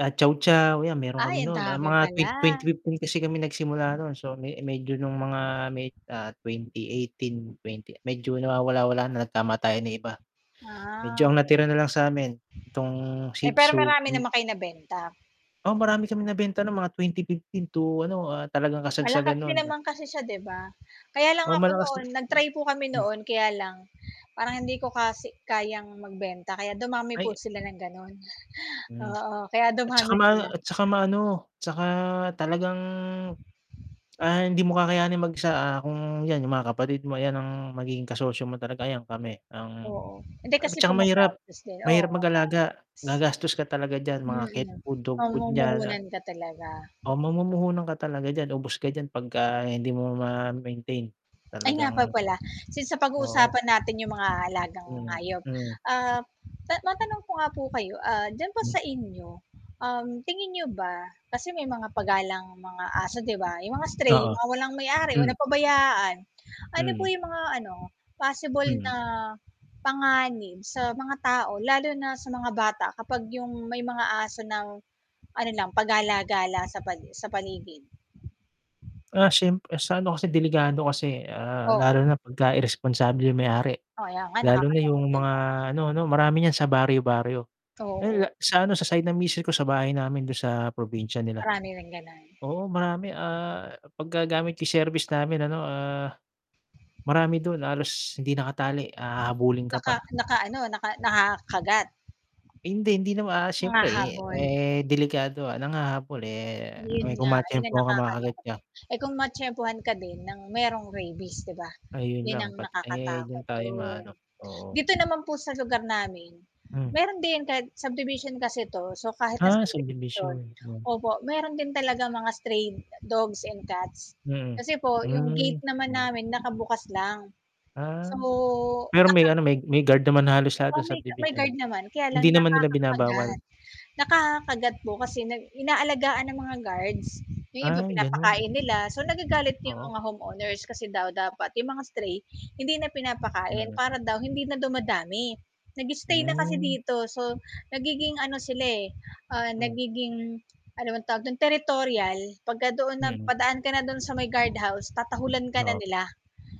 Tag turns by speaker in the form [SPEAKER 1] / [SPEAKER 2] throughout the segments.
[SPEAKER 1] Ah, Chow chow yan meron
[SPEAKER 2] Ay,
[SPEAKER 1] kami
[SPEAKER 2] ang
[SPEAKER 1] nun, ah,
[SPEAKER 2] dami
[SPEAKER 1] mga twen
[SPEAKER 2] pala.
[SPEAKER 1] 2015 kasi kami nagsimula noon so me medyo nung mga may ah, 2018, twenty, medyo nawawala-wala na nagtama tayo ng iba. Medyo
[SPEAKER 2] Ah.
[SPEAKER 1] ang natira nalang samin itong
[SPEAKER 2] Eh,
[SPEAKER 1] Shih
[SPEAKER 2] pero
[SPEAKER 1] Tzu,
[SPEAKER 2] marami
[SPEAKER 1] hmm.
[SPEAKER 2] naman kayo nabenta?
[SPEAKER 1] O, marami kaming nabenta ng mga 2015 to ano talagang
[SPEAKER 2] Malakas
[SPEAKER 1] kasagsagan
[SPEAKER 2] din
[SPEAKER 1] no'n a
[SPEAKER 2] naman kasi siya 'di ba? Kaya lang
[SPEAKER 1] Oo
[SPEAKER 2] ako
[SPEAKER 1] malakas na
[SPEAKER 2] noon nag-try po kami
[SPEAKER 1] hmm.
[SPEAKER 2] noon kaya lang, parang hindi ko kasi kayang magbenta kaya dumami po
[SPEAKER 1] Ay.
[SPEAKER 2] sila ng ganoon,
[SPEAKER 1] Hmm.
[SPEAKER 2] oo, kaya
[SPEAKER 1] At saka
[SPEAKER 2] dumami
[SPEAKER 1] ma
[SPEAKER 2] sila.
[SPEAKER 1] at saka maano 'tsaka talagang, ah, hindi mo kakayanin mag-isa, ah, kung yan yung mga kapatid mo, ayan ang magiging kasosyo mo talaga, ayan kami ang
[SPEAKER 2] Oo, hindi
[SPEAKER 1] at
[SPEAKER 2] kasi po
[SPEAKER 1] tsaka mahirap,
[SPEAKER 2] magastos din. Oo,
[SPEAKER 1] mahirap
[SPEAKER 2] maga
[SPEAKER 1] mag-alaga, gagastos ka talaga diyan mga cat
[SPEAKER 2] Mm,
[SPEAKER 1] food, dog food niyan ah
[SPEAKER 2] mamumuhunan ka talaga.
[SPEAKER 1] ah, mamumuhunan ka talaga diyan, ubos ka diyan pagka hindi mo ma-maintain.
[SPEAKER 2] Ay, nga po
[SPEAKER 1] Talagang
[SPEAKER 2] pala, since
[SPEAKER 1] Oo.
[SPEAKER 2] napag-uusapan natin yung mga alagang
[SPEAKER 1] Hmm,
[SPEAKER 2] hayop,
[SPEAKER 1] hmm.
[SPEAKER 2] ah, matanong ko nga po kayo, ah, diyan ba
[SPEAKER 1] Hmm.
[SPEAKER 2] sa inyo, um, tingin niyo ba kasi may mga pa galang mga aso 'di ba? Yung mga stray,
[SPEAKER 1] Oo.
[SPEAKER 2] yung mga walang may-ari o
[SPEAKER 1] Hmm.
[SPEAKER 2] napabayaan. Ano po
[SPEAKER 1] Mhm.
[SPEAKER 2] yung mga ano, possible
[SPEAKER 1] Hmm.
[SPEAKER 2] na panganib sa mga tao, lalo na sa mga bata, kapag yung may mga aso ng ano lang pa-gala-gala sa pali sa paligid?
[SPEAKER 1] Ah, siyempre sa ano kasi delikado kasi, ah,
[SPEAKER 2] Oo.
[SPEAKER 1] lalo na pagka iresponsable yung may-ari.
[SPEAKER 2] Kaya nga,
[SPEAKER 1] Lalo na
[SPEAKER 2] nakakalungkot
[SPEAKER 1] yung
[SPEAKER 2] 'di
[SPEAKER 1] mga
[SPEAKER 2] ba?
[SPEAKER 1] ano 'no, marami niyan sa baryo-baryo,
[SPEAKER 2] Oo.
[SPEAKER 1] ay sa ano sa side ng misis ko sa bahay namin dun sa probinsya nila.
[SPEAKER 2] Marami rin ganon?
[SPEAKER 1] Oo marami ah, 'pag gagamit yung service namin ano, ah, marami dun halos hindi nakatali a hahabulin ka
[SPEAKER 2] Naka
[SPEAKER 1] pa.
[SPEAKER 2] naka ano naka nakakakagat.
[SPEAKER 1] Hindi, hindi naman ah, siyempre
[SPEAKER 2] Humahabol.
[SPEAKER 1] eh, delikado ah, nanghahabol eh,
[SPEAKER 2] 'Yon
[SPEAKER 1] kung
[SPEAKER 2] nga
[SPEAKER 1] may
[SPEAKER 2] 'yon ang
[SPEAKER 1] ma-tiyempuhan ka makakagat
[SPEAKER 2] nakakalungkot.
[SPEAKER 1] ka.
[SPEAKER 2] Eh, kung matiyempuhan ka din ng merong rabies 'di ba?
[SPEAKER 1] Ayun
[SPEAKER 2] Yun
[SPEAKER 1] lang
[SPEAKER 2] ang
[SPEAKER 1] pat eh, dun
[SPEAKER 2] nakakatakot
[SPEAKER 1] tayo
[SPEAKER 2] dun.
[SPEAKER 1] maano, oo.
[SPEAKER 2] Dito naman po sa lugar namin,
[SPEAKER 1] Hmm.
[SPEAKER 2] meron din kahit subdivision kasi 'to so kahit na
[SPEAKER 1] Ah,
[SPEAKER 2] subdivision
[SPEAKER 1] subdivision, hmm.
[SPEAKER 2] opo, meron din talagang mga stray dogs and cats.
[SPEAKER 1] Mhm,
[SPEAKER 2] Kasi po yung
[SPEAKER 1] hmm,
[SPEAKER 2] gate naman
[SPEAKER 1] hmm.
[SPEAKER 2] namin nakabukas lang.
[SPEAKER 1] Ah.
[SPEAKER 2] So,
[SPEAKER 1] Pero
[SPEAKER 2] naka
[SPEAKER 1] may ano, may may guard naman halos lahat
[SPEAKER 2] Oo,
[SPEAKER 1] ng
[SPEAKER 2] may ga may
[SPEAKER 1] subdivision.
[SPEAKER 2] guard naman kaya
[SPEAKER 1] Hindi
[SPEAKER 2] lang
[SPEAKER 1] naman nila
[SPEAKER 2] nakakakagat.
[SPEAKER 1] binabawal?
[SPEAKER 2] Nakakakagat po kasi na inaalagaan ng mga guards, yung iba
[SPEAKER 1] Ay ganon.
[SPEAKER 2] pinapakain nila so nagagalit 'yong
[SPEAKER 1] Oo.
[SPEAKER 2] mga home owners kasi daw dapat 'yong mga stray, hindi na pinapakain
[SPEAKER 1] Mm.
[SPEAKER 2] para daw hindi na dumadami. Nag-stay na kasi
[SPEAKER 1] Hmm.
[SPEAKER 2] dito so nagiging ano sila eh, ah,
[SPEAKER 1] Hmm.
[SPEAKER 2] nagiging ano bang tawag dun, territorial pagka doon
[SPEAKER 1] Mm.
[SPEAKER 2] napadaan ka na do'n sa may guard house tatahulan ka na
[SPEAKER 1] Oo.
[SPEAKER 2] nila.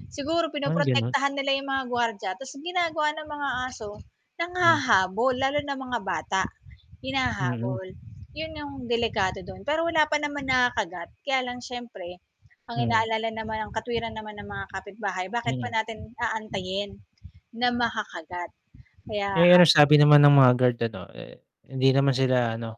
[SPEAKER 2] Siguro
[SPEAKER 1] Ay, ganon?
[SPEAKER 2] pinoprotektahan nila 'yong mga guwardya, tapos ginagawa ng mga aso
[SPEAKER 1] Hmm.
[SPEAKER 2] nanghahabol lalo na mga bata,
[SPEAKER 1] Mm.
[SPEAKER 2] hinahabol. Yun yung delikado don, pero wala pa naman nakakagat kaya lang siyempre, ang
[SPEAKER 1] Hmm.
[SPEAKER 2] inaalala naman ang katwiran naman ng mga kapitbahay bakit pa
[SPEAKER 1] Hmm.
[SPEAKER 2] natin aantayin na makakagat kaya
[SPEAKER 1] Eh, ano
[SPEAKER 2] ang
[SPEAKER 1] sabi naman ng mga guard ano eh, hindi naman sila ano?